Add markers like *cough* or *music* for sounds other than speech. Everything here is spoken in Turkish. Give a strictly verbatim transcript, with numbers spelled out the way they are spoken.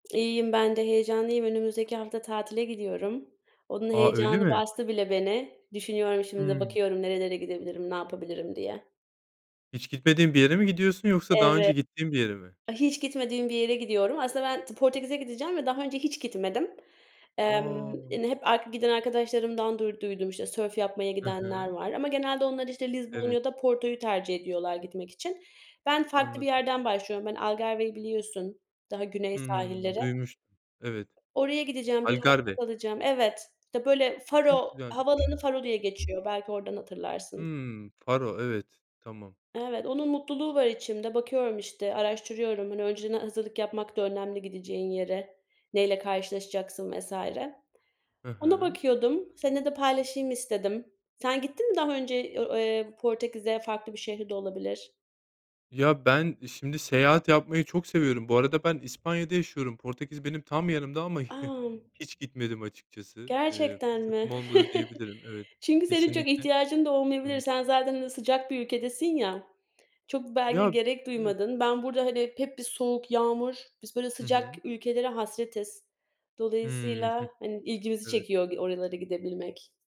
İyiyim ben de, heyecanlıyım. Önümüzdeki hafta tatile gidiyorum. Onun A, öyle heyecanı mi? bastı bile beni. Düşünüyorum şimdi de Hımm. bakıyorum nerelere gidebilirim, ne yapabilirim diye. Hiç gitmediğin bir yere mi gidiyorsun yoksa daha Evet. önce gittiğin bir yere mi? Hiç gitmediğim bir yere gidiyorum. Aslında ben Portekiz'e gideceğim ve daha önce hiç gitmedim. Emm A! hani hep ar giden arkadaşlarımdan duyduydum işte sörf yapmaya Hı gidenler hı. var ama genelde onlar işte Lizbon Evet. ya da Porto'yu tercih ediyorlar gitmek için. Ben farklı bir Anladım. yerden başlıyorum. Ben Algarve'yi biliyorsun daha güney Hıı. sahilleri. Duymuştum. Evet. Oraya gideceğim, bir hafta Alicardi. kalacağım. Evet işte böyle Çok Faro, güzelmiş. havaalanı Faro diye geçiyor. Belki oradan hatırlarsın. Hımm, var o evet, tamam. Evet onun mutluluğu var içimde. Bakıyorum işte araştırıyorum. Hani önceden hazırlık yapmak da önemli gideceğin yere. Neyle karşılaşacaksın vs. Hı Ona hı. bakıyordum, seninle de paylaşayım istedim. Sen gittin mi daha önce o eee Portekiz'e farklı bir şehri de olabilir? Ya ben şimdi seyahat yapmayı çok seviyorum. Bu arada ben İspanya'da yaşıyorum. Portekiz benim tam yanımda ama *chuckles* A! hiç gitmedim açıkçası. Eee, Gerçekten mi? fırsatım olmadı *chuckles* diyebilirim evet, Çünkü senin çok kesinlikle. ihtiyacın da Hı olmayabilir. hı. Sen zaten sıcak bir ülkedesin ya, çok belki de Ya gerek evet. duymadın. Ben burada hani hep bir soğuk yağmur, biz böyle Hı sıcak hı. ülkelere hasretiz. Hımm, hıh. Dolayısıyla hani ilgimizi Evet. çekiyor oralara gidebilmek